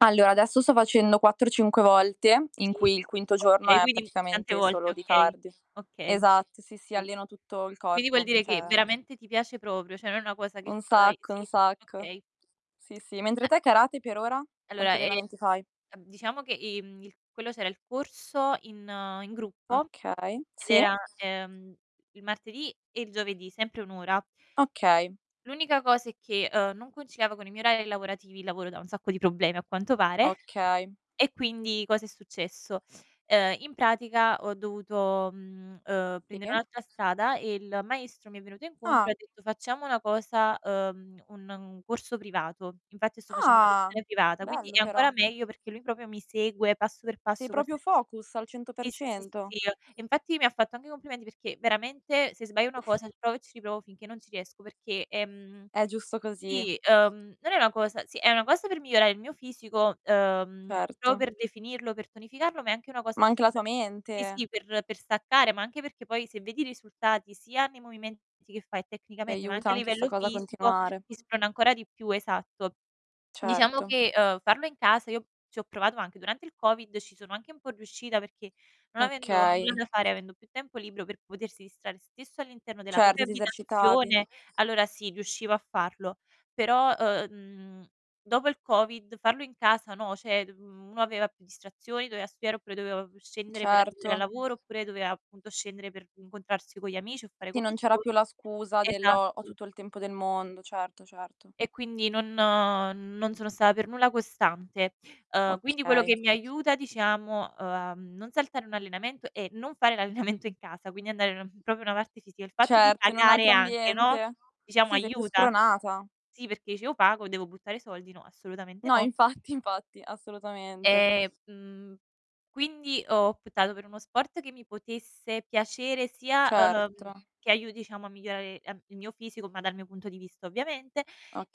Allora adesso sto facendo 4, 5 volte, in Sì, cui il quinto giorno okay, è quindi, mhmm, tante praticamente volte, solo di okay. cardio. Okay. Esatto, sì, sì, Mh. alleno tutto il Quindi vuol corpo, dire che cioè veramente ti piace proprio, cioè non è una cosa che Un fai sacco, un sì, sacco. okay. Sì, sì. Mentre A te karate per ora? Allora Quanti è allenamenti fai? ehm, diciamo che i mhmm, i quello c'era il corso in in gruppo, Okay, ed sì. era, ehm, il martedì e il giovedì, sempre 1 ora. Okay. L'unica cosa è che, uhm, non conciliavo con i miei orari lavorativi- il lavoro da un sacco di problemi a quanto pare- Okay. e quindi cosa è successo: uhm, in pratica ho dovuto, mhmm, uhm, Sì. prendere un'altra strada e il maestro mi è venuto incontro e Ah. ha detto: "Facciamo una cosa, uhm, un un corso privato." Infatti sto facendo Ah. lezione privata, quindi Bello è però. ancora meglio, perché lui proprio mi segue passo per Sei passo, proprio qualsis focus al cento per sì, sì, sì, sì, cento. sì, ehm, e infatti mi ha fatto anche i complimenti, perché veramente se sbaglio 1 cosa, riprovo e ci riprovo finché non ci riesco, perché, ehm, È giusto così. i uhm, non è na cosa sì è una cosa per migliorare il mio fisico, uhm, pro Certo. per definirlo, per tonificarlo, ma è anche una cosa Ma per anche la tua e sì, mente. sì, per per staccare, ma anche perché, poi se vedi i risultati, sia nei movimenti che fai Ti tecnicamente, ma anche aiuta a anche 'sta livello cosa a fisico, continuare. ti sprona ancora di più. Esatto. Diciamo Certo. che, uhm, farlo in casa, io ci ho provato anche durante il COVID, ci sono anche un po' riuscita, perché non avendo Okay. nulla da fare, avendo più tempo libro per potersi distrar stesso all'interno della propria Certo, ti esercitavi. abitazione, allora sì, riuscivo a farlo. Però, uh uhm, mhmm, dopo il COVID farlo in casa, no, cioè, mhmm, uno aveva più distrazioni, doveva studiare oppure doveva pu scendere per andare al Certo. lavoro oppure doveva appunto scendere per incontrarsi con gli amici o fare Sì, non c'era commissioni. più la scusa del: "Ho ho Esatto. tutto il tempo del mondo", certo, certo. E quindi non uhm, non sono sta per nulla costante. Uhm, quindi quello Okay. che mi aiuta diciamo, uhm, a non saltare 1 allenamento, è non fare l'allenamento in casa, quindi andare ehm, proprio una parte ci sia il fatto di Certo in un pagare altro anche, no, ambiente. diciamo Sì, sei più aiuta. spronata. Sì, perché dice: "Io pago, devo buttare soldi? No, assolutamente No, no." infatti, infatti, assolutamente. Ehm, mhmm, quindi ho optato per uno sport che mi potesse piacere, sia, ehm, Certo. che aiuti diciamo a migliorare em il mio fisico, ma dal mio punto di vista ovviamente;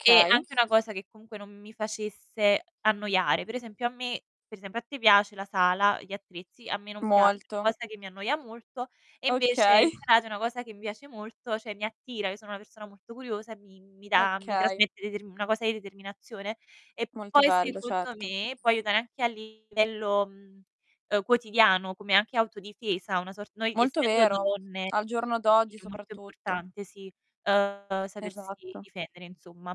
e anche una cosa che comunque non mi facesse annoiare. Per esempio a me per esempio a te piace la sala, gli attrezzi, a me non piace, una Molto. cosa che mi annoia molto, e invece Okay. il karate è una cosa che mi piace molto, cioè mi attira. Io sono una persona molto curiosa e mi mi dà mi Okay. trasmette deter una cosa di determinazione, e Molto poi bello, secondo certo. me, può aiutare anche a livello, mhmm, uhm, quotidiano come anche autodifesa, una sor noi Molto essendo vero. donne Al giorno d'oggi è molto soprattutto. importante, sì, uhm, sapersi Esatto. difendere insomma.